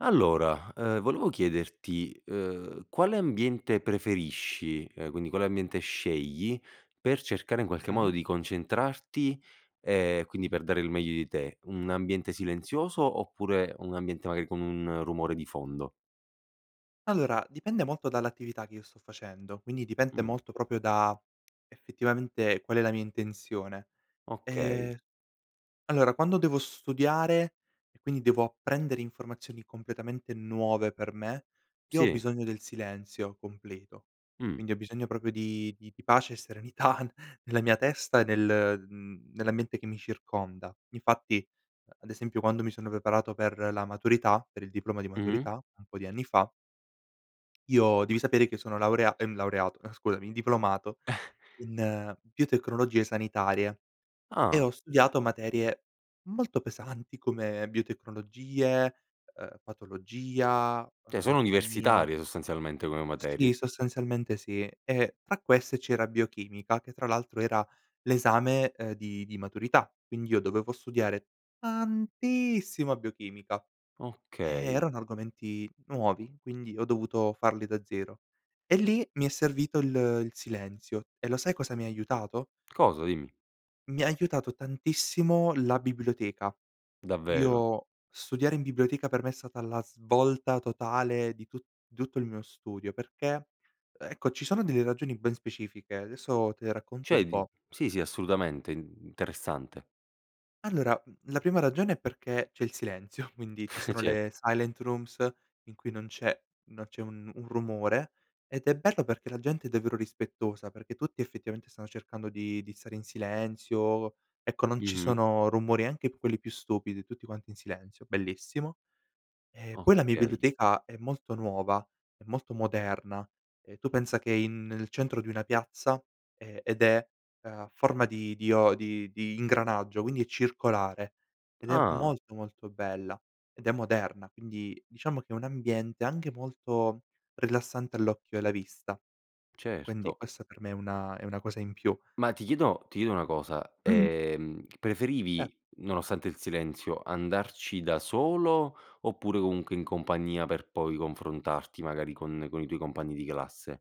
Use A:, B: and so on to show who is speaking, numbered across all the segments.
A: Allora, ehm, volevo chiederti: ehm, quale ambiente preferisci, ehm, quindi quale ambiente scegli per cercare, in qualche modo,
B: Mh-mh.
A: di concentrarti, ehm, quindi per dare il meglio di te? Un ambiente silenzioso oppure un ambiente magari con un rumore di fondo?
B: Allora, dipende molto dall'attività che io sto facendo, quindi dipende
A: Mh.
B: molto proprio da, effettivamente, qual è la mia intenzione.
A: Okay.
B: Ehm, allora, quando devo studiare e quindi devo apprendere informazioni completamente nuove per me, io ho
A: Sì.
B: bisogno del silenzio completo,
A: Mh.
B: quindi ho bisogno proprio di di di pace e serenità nella mia testa e nel mhmm, nell'ambiente che mi circonda, infatti ad esempio quando mi sono preparato per la maturità per il diploma di
A: Mh-mh.
B: maturità un po' di anni fa io devi sapere che sono laurea ehm, laureato, eh, scusami, diplomato in biotecnologie sanitarie e
A: Ah.
B: ho studiato materie molto pesanti come biotecnologie, uhm, patologia,
A: Che sono
B: anatomia.
A: universitarie sostanzialmente come
B: Sì,
A: materie.
B: sostanzialmente sì. Ehm, tra queste c'era biochimica, che tra l'altro era l'esame, ehm, di di maturità quindi io dovevo studiare tantissima biochimica. Eh,
A: Okay.
B: erano argomenti nuovi, quindi ho dovuto farli da zero. E lì mi è servito il il silenzio e lo sai cosa mi aiutato?
A: Cosa? Dimmi.
B: Mi ha aiutato tantissimo la biblioteca.
A: Davvero?
B: Io studiare in biblioteca per me è stata la svolta totale di tu di tutto il mio studio perché, ecco, ci sono delle ragioni ben specifiche, adesso te le racconto un
A: Cioè di
B: po'.
A: sì, sì, assolutamente, interessante.
B: Allora, la prima ragione è perché c'è il silenzio, quindi ci sono
A: Cer
B: le silent rooms in cui non c'è non c'è un un rumore ed è bello perché la gente è davvero rispettosa, perché tutti effettivamente stanno cercando di di stare in silenzio, ecco, non ci
A: Mh-mh.
B: sono rumori, anche quelli più stupidi, tutti quanti in silenzio, bellissimo. E poi la mia
A: Okay.
B: biblioteca è molto nuova, è molto moderna, ehm, tu pensa che in nel centro di una piazza, ehm, ed è a forma di dio di di ingranaggio, quindi è circolare ed è
A: Ah.
B: molto molto bella, ed è moderna, quindi diciamo che è un ambiente anche molto rilassante all'occhio e alla vista. Quindi
A: Certo.
B: questa per me è una è una cosa in più.
A: Ma ti chiedo ti chiedo una cosa:
B: Mh-mh.
A: ehm,
B: Eh.
A: preferivi, nonostante il silenzio, andarci da solo oppure comunque in compagnia per poi confrontarti, magari, con con i tuoi compagni di classe?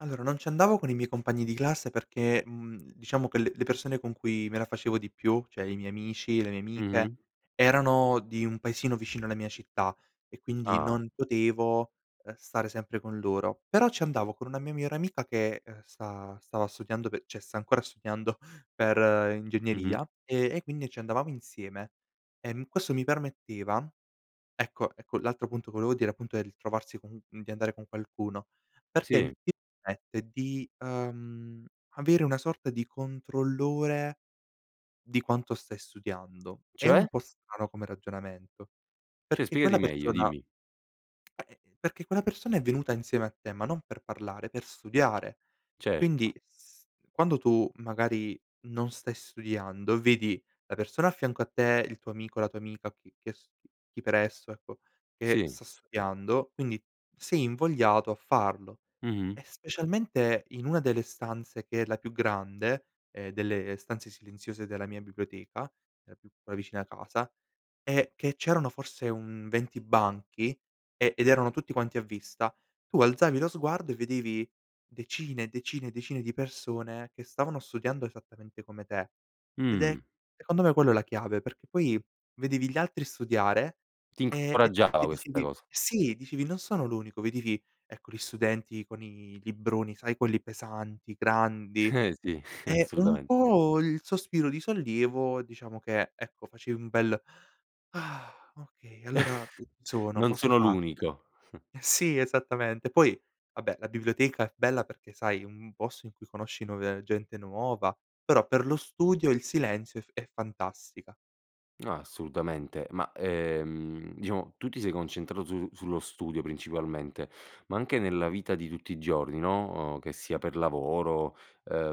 B: Allora, non ci andavo con i miei compagni di classe perché, mhmm, diciamo che le le persone con cui me la facevo di più, cioè i miei amici, le mie amiche,
A: Mh-mh.
B: erano di un paesino vicino alla mia città e quindi
A: Ah.
B: non potevo, ehm, stare sempre con loro, però ci andavo con una mia migliore amica che, ehm, sta stava studiando cioè, sta ancora studiando per
A: Mh-mh.
B: ingegneria e e quindi ci andavamo insieme, ehm, questo mi permetteva ecco ecco, l'altro appunto, volevo dire, appunto, è ritrovarsi co di andare con qualcuno perché
A: Sì.
B: ti permette di, ehm, avere una sorta di controllore di quanto stai studiando. È un
A: Cioè?
B: po' strano come ragionamento
A: Cioè
B: perché
A: spiegati
B: quella
A: meglio,
B: persona
A: dimmi.
B: ehm, perché quella persona è venuta insieme a te, ma non per parlare, per studiare. Quindi
A: Certo.
B: s quando tu, magari, non stai studiando, vedi la persona a fianco a te, il tuo amico, la tua amica o chi che s chi per esso, ecco, che
A: Sì.
B: sta studiando, quindi, sei invogliato a farlo.
A: Mh-mh.
B: E specialmente in una delle stanze che è la più grande, ehm, delle stanze silenziose della mia biblioteca, la più vicina a casa è che c'erano forse un 20 banchi e ed erano tutti quanti a vista, tu alzavi lo sguardo e vedevi decine, decine e decine di persone che stavano studiando esattamente come te ed è,
A: Mh.
B: secondo me, quello è la chiave perché poi vedevi gli altri studiare,
A: Ti
B: ehm,
A: incoraggiava
B: e
A: questa
B: dicevi:
A: cosa.
B: "Sì", dicevi: "Non sono l'unico". Vedevi, ecco, gli studenti con i libroni, sai, quelli pesanti, grandi,
A: Sì,
B: ehm, un
A: assolutamen
B: po' il sospiro di sollievo, diciamo, che, ecco, facevi un bel: "okay, allora ci sono,
A: Non
B: posso
A: sono
B: farcela".
A: l'unico.
B: Sì, esattamente. Poi, vabbè, la biblioteca è bella perché, sai, un posto in cui conosci nuove gente nuova, però per lo studio il silenzio è f è fantastica.
A: Ah, assolutamente, ma, ehm, diciamo, tu ti sei concentrato su sullo studio principalmente, ma anche nella vita di tutti i giorni, no, uhm, che sia per lavoro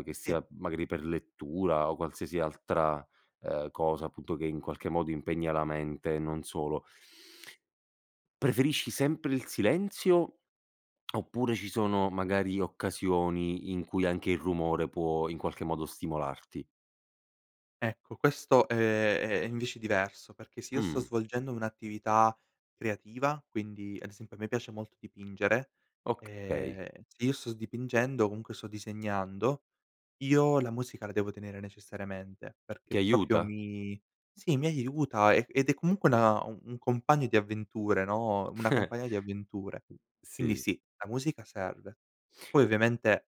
A: che
B: E.
A: sia, magari, per lettura o qualsiasi altra, ehm, cosa, appunto, che, in qualche modo, impegna la mente e non solo preferisci sempre il silenzio oppure ci sono magari occasioni in cui anche il rumore può, in qualche modo, stimolarti?
B: Ecco, questo, ehm, è è invece diverso perché se io sto
A: Mh.
B: svolgendo un'attività creativa, quindi ad esempio, a me piace molto dipingere,
A: Okay.
B: ehm, se io sto dipingendo, comunque sto disegnando, io la musica la devo tenere necessariamente
A: Ti
B: perché proprio
A: aiuta?
B: mi sì, mi aiuta e ed è comunque una un compagno di avventure, no, una compagna di avventure. Quindi
A: Sì.
B: sì, la musica serve, poi ovviamente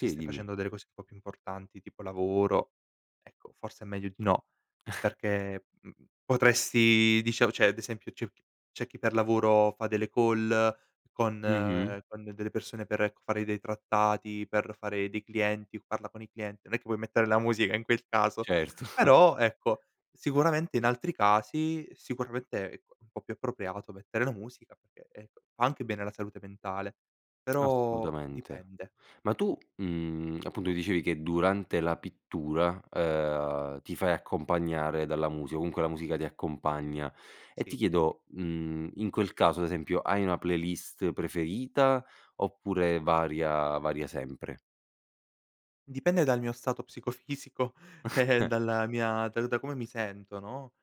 B: se stai
A: dimmi.
B: facendo delle cose un po' più importanti, tipo lavoro, ecco, forse è meglio di no perché, mhmm, potresti dicia cioè ad esempio c'è chi c'é chi per lavoro fa delle call con
A: Mh-mh.
B: con delle persone per, ecco, fare dei trattati, per fare dei clienti o parla con i clienti. Non è che puoi mettere la musica in quel caso,
A: Certo.
B: però, ecco, sicuramente in altri casi, sicuramente, ecco, un po' più appropriato mettere la musica perché, ecco, fa anche bene alla salute mentale, però
A: Assolutamente.
B: dipende.
A: Ma tu, mhmm, appunto, dicevi che durante la pittura, ehm, ti fai accompagnare dalla musica o comunque la musica ti accompagna. Ehm, ti
B: Sì.
A: chiedo: mhmm, in quel caso, ad esempio, hai una playlist preferita oppure varia varia sempre?
B: Dipende dal mio stato psicofisico, dalla mia da da come mi sento, no?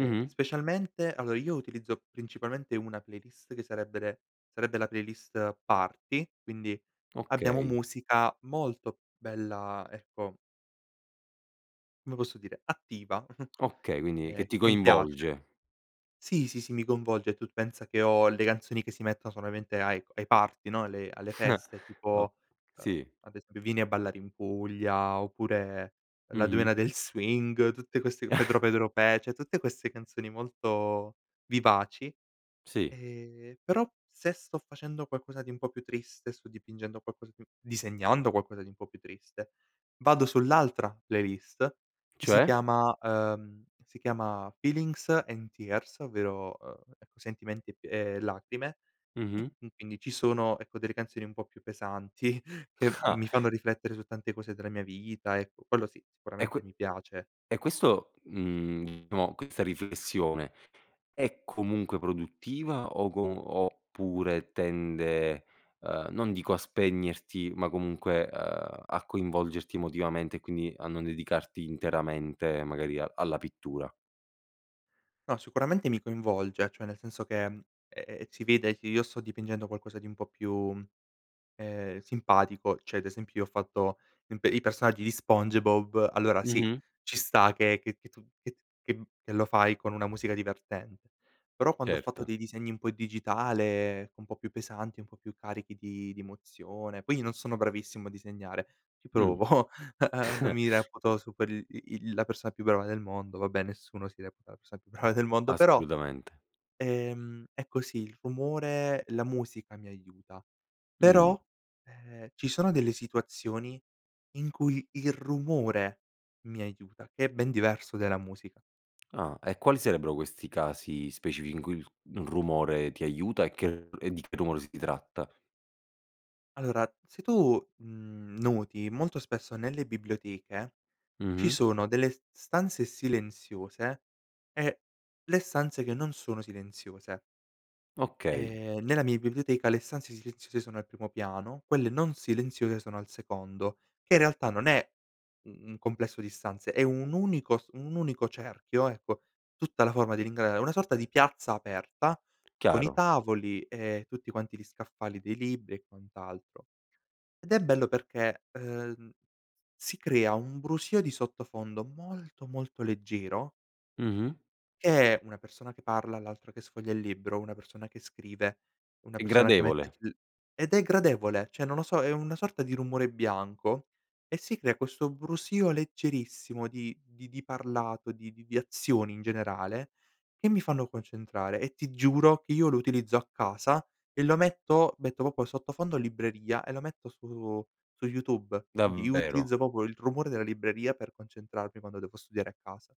B: Ehm, specialmente allora, io utilizzo principalmente una playlist che sarebbe re sarebbe la playlist party, quindi abbiamo
A: Okay.
B: musica molto bella, ecco come posso dire, attiva,
A: Okay, quindi che
B: ehm,
A: ti
B: che mi piace.
A: coinvolge.
B: Sì, sì, sì, mi coinvolge e tu pensa che ho le canzoni che si mettono solamente ai co ai party, no, alle alle feste
A: O
B: tipo, ehm,
A: sì.
B: ad ese "Vieni a ballare in Puglia" oppure "La
A: Mh-mh.
B: Dueña del Swing" tutte queste "Pedro Pedro Pe", cioé tutte queste canzoni molto vivaci.
A: Sì.
B: Ehm, però se sto facendo qualcosa di un po' più triste, sto dipingendo qualcosa di disegnando qualcosa di un po' più triste, vado sull'altra playlist che si
A: Cioè?
B: chiama ehm, si chiama "Feelings and Tears" ovvero, ehm, ecco, sentimenti p e lacrime e
A: Mh-mh.
B: quindi ci sono, ecco, delle canzoni un po' più pesanti che
A: Ah.
B: mi fanno riflettere su tante cose della mia vita, ecco, quello, sì,
A: E que
B: sicuramente mi piace.
A: e questo, mhmm, amo questa riflessione è comunque produttiva o co oppure tende, ehm, non dico a spegnerti, ma comunque, uhm, a coinvolgerti emotivamente e quindi a non dedicarti interamente magari alla pittura?
B: No, sicuramente, mi coinvolge, cioè nel senso che, ehm, si vede che io sto dipingendo qualcosa di un po' più, ehm, simpatico, cioè ad esempio io ho fatto imp i personaggi di Spongebob, allora, sì,
A: Mh-mh.
B: ci sta, che che tu che t che m che lo fai con una musica divertente, però quando ho fatto
A: Certo.
B: dei disegni un po' digitale, un po' più pesanti, un po' più carichi di di emozione poi io non sono bravissimo a disegnare, ci
A: Mh.
B: provo, uhm, non mi reputo su quel i il la persona più brava del mondo, vabbè, nessuno si reputa la persona più brava del mondo, però,
A: Assolutamente.
B: ehm, è così, il rumore la musica mi aiuta,
A: Mh.
B: però, ehm, ci sono delle situazioni in cui il rumore mi aiuta, che è ben diverso della musica.
A: Ah e quali sarebbero questi casi specifi in cui il rumore ti aiuta e che e di che rumore si tratta?
B: Allora se tu, mhmm, noti molto spesso nelle biblioteche ci
A: Mh-mh.
B: sono delle s stanze silenziose e le stanze che non sono silenziose.
A: Okay.
B: Ehm, nella mia biblioteca le stanze silenziose sono al primo piano, quelle non silenziose sono al secondo, che in realtà non è, mhmm, un complesso di stanze è un unico s un unico cerchio ecco, tutta la forma di [unintelligible] è una sorta di piazza aperta, con i
A: Chiaro.
B: tavoli e tutti quanti gli scaffali dei libri e quant'altro. Ed è bello perché, ehm, si crea un brusio di sottofondo molto, molto leggero
A: Mh-mh.
B: che è una persona che parla, l'altra che sfoglia il libro, una persona che scrive, una
A: È
B: persona che mette
A: gradevole.
B: l ed è gradevole, cioè, non lo so, è una sorta di rumore bianco e si crea questo brusio leggerissimo di di di parlato, di di di azioni in generale che mi fanno concentrare e ti giuro che io lo utilizzo a casa e lo metto metto proprio il sottofondo libreria e lo metto su su YouTube, quindi io
A: Davvero?
B: utilizzo proprio il rumore della libreria per concentrarmi, quando devo studiare a casa.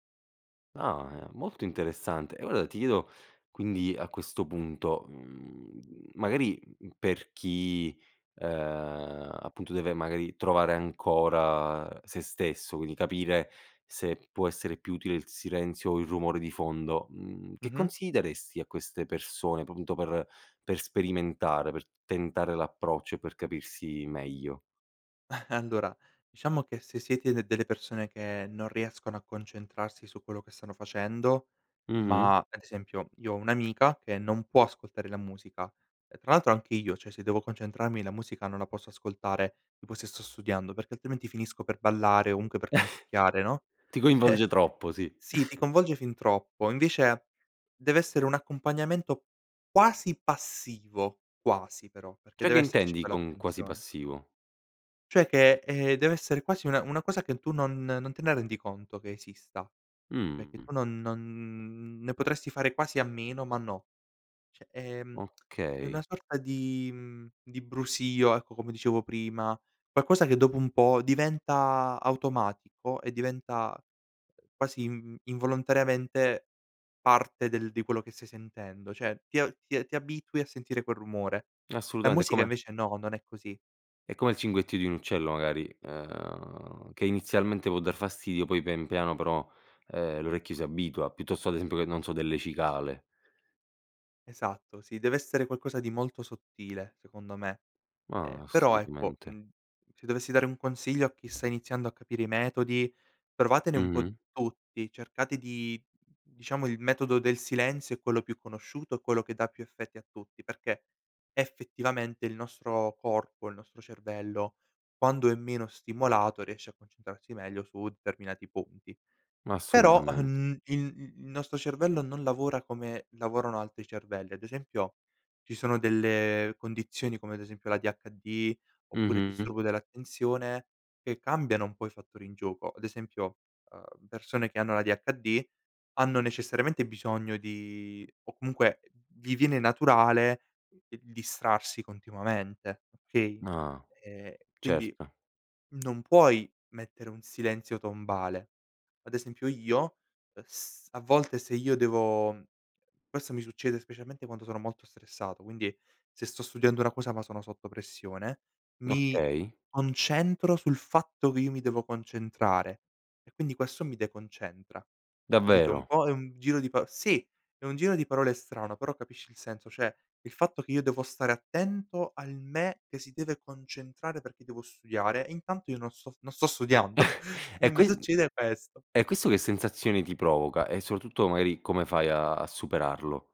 A: Ah, è molto interessante e ora ti chiedo quindi, a questo punto, mhmm, magari, mhmm, per chi, ehm, appunto deve magari trovare ancora sè stesso, quindi capire se può essere più utile il silenzio o il rumore di fondo, mhmm, che
B: Mh-mh.
A: consigli daresti a queste persone p punto per per sperimentare, per tentare l'approccio e per capirsi meglio?
B: Allora, diciamo che se siete d delle persone che non riescono a concentrarsi su quello che stanno facendo,
A: Mh-mh.
B: ma ad esempio, io ho un'amica che non può ascoltare la musica, ehm, tra l'altro anche io cioè, se devo concentrarmi la musica non la posso ascoltare, tipo se sto studiando, perché altrimenti finisco per ballare, comunque per canticchiare, no?
A: Ti
B: Eh.
A: coinvolge troppo, sì.
B: sì ti coinvolge fin troppo invece dev'essere un accompagnamento quasi passivo, quasi però, perché
A: Cioè, che
B: deve esserci
A: intendi
B: poi
A: con quasi
B: l'attenzione.
A: passivo?
B: Cioè che, ehm, dev'essere quasi una una cosa che tu non non te ne rendi conto che esista. Cioè, che
A: Mh.
B: tu non non ne potresti fare quasi a meno ma no, cioè, ehm, è una
A: Okay.
B: sorta di mhmm, di brusio ecco, come dicevo prima, qualcosa che dopo un po' diventa automatico e diventa, uhm, quasi in involontariamente parte del di quello che stai sentendo cioè, ti a ti ti abitui a sentire quel rumore, la
A: Assolutamente, è
B: musica
A: come
B: invece no, non è così.
A: è come il cinguettio di un uccello magari, ehm, che inizialmente può dar fastidio, poi pian piano però, ehm, l'orecchio si abitua piuttosto, ad esempio che, non so, delle cicale.
B: Esatto. Sì, deve essere qualcosa di molto sottile secondo me. Ehm,
A: Ma
B: però ecco,
A: assolutamente.
B: mhmm, se dovessi dare un consiglio a chi sta iniziando a capire i metodi, provatene un po'
A: Mh-mh.
B: tutti cercate di diciamo il metodo del silenzio è quello più conosciuto e quello che dà più effetti a tutti perché effettivamente il nostro corpo, il nostro cervello, quando è meno stimolato riesce a concentrarsi meglio su determinati punti.
A: Ma
B: Però,
A: assolutamente.
B: uhm, il il il nostro cervello non lavora come lavorano altri cervelli. Ad esempio, ci sono delle condizioni, come ad esempio l'ADHD oppure il
A: Mh-mh.
B: disturbo dell'attenzione che cambiano un po' i fattori in gioco. Ad esempio, uhm, persone che hanno l'ADHD hanno necessariamente bisogno di o comunque vi viene naturale il distrarsi continuamente, okay?
A: Ah,
B: Ehm, quindi
A: certo.
B: non puoi mettere un silenzio tombale, ad esempio io, uhm, s a volte se io devo forse mi succede specialmente quando sono molto stressato, quindi se sto studiando una cosa ma sono sotto pressione, mi
A: Okay.
B: concentro sul fatto che io mi devo concentrare, e quindi questo mi deconcentra, capito? Un
A: Davvero?
B: po' è un giro di paro sì, è un giro di parole strano, però capisci il senso, cioè il fatto che io devo stare attento al me che si deve concentrare, perché devo studiare, e intanto io non sto non sto studiando e
A: E
B: mi
A: ques
B: succede questo.
A: e questo che sensazioni ti provoca? E soprattutto magari come fai a a superarlo?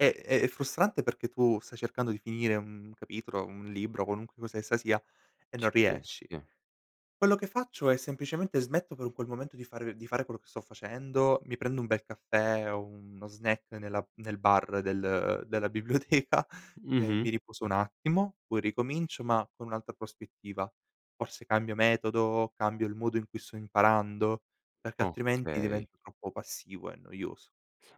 B: Eh, è è frustrante perché tu stai cercando di finire un capitolo, un libro, qualunque cosa essa sia e
A: C
B: non
A: Sì,
B: riesci.
A: sì.
B: Quello che faccio è semplicemente smetto per un quel momento di fare di fare quello che sto facendo, mi prendo un bel caffè o uno snack nella nel bar del della biblioteca e mi
A: Mh-mh.
B: riposo un attimo poi ricomincio ma con un'altra prospettiva, forse cambio metodo, cambio il modo in cui sto imparando perché altrimenti
A: Okay.
B: diventa troppo passivo e noioso.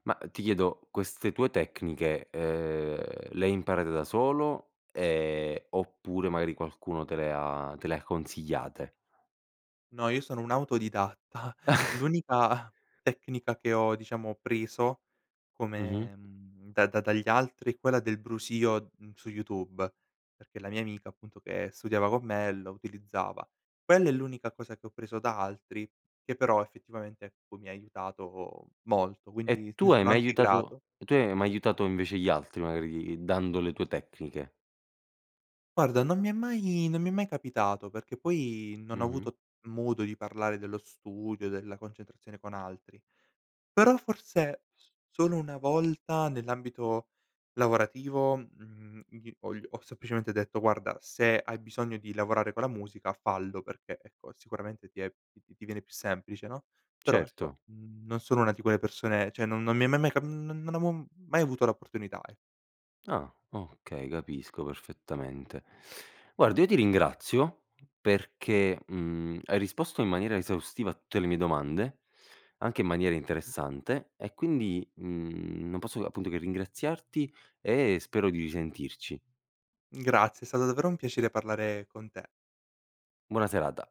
A: Ma ti chiedo, queste tue tecniche, ehm, le hai imparate da solo, ehm, oppure magari qualcuno te le ha te le ha consigliate?
B: No, io sono un autodidatta. L'unica tecnica che ho diciamo, preso
A: Mh-mh.
B: come mhmm, da da dagli altri, è quella del brusio, mhmm, su YouTube perché la mia amica, appunto che studiava con me lo utilizzava. Quella è l'unica cosa che ho preso da altri che però effettivamente ecco, mi ha aiutato molto,
A: E
B: quindi
A: tu
B: ne
A: hai
B: sono
A: mai
B: anche
A: aiutato
B: grato.
A: e tu hai mai aiutato invece gli altri, magari dando le tue tecniche?
B: Guarda non mi è mai non mi è mai capitato perché poi non ho
A: Mh-mh.
B: avuto modo di parlare dello studio, della concentrazione con altri, però forse solo una volta nell'ambito lavorativo, mhmm, gli ho gl ho semplicemente detto: "Guarda, se hai bisogno di lavorare con la musica, fallo, perché ecco, sicuramente ti è ti ti viene più semplice, no?" Però
A: Certo.
B: ecco, mhmm, non sono una di quelle persone cioè, non non mi è ma mai cap mhmm, non non avevo mai avuto la opportunità e
A: Ah okay, capisco perfettamente. Guarda, io ti ringrazio perché, mhmm, hai risposto in maniera esaustiva a tutte le mie domande, anche in maniera
B: Mh-mh.
A: interessante e quindi, mhmm, non posso appunto che ringraziarti e spero di risentirci.
B: Grazie. È stato davvero un piacere parlare con te.
A: Buona serata.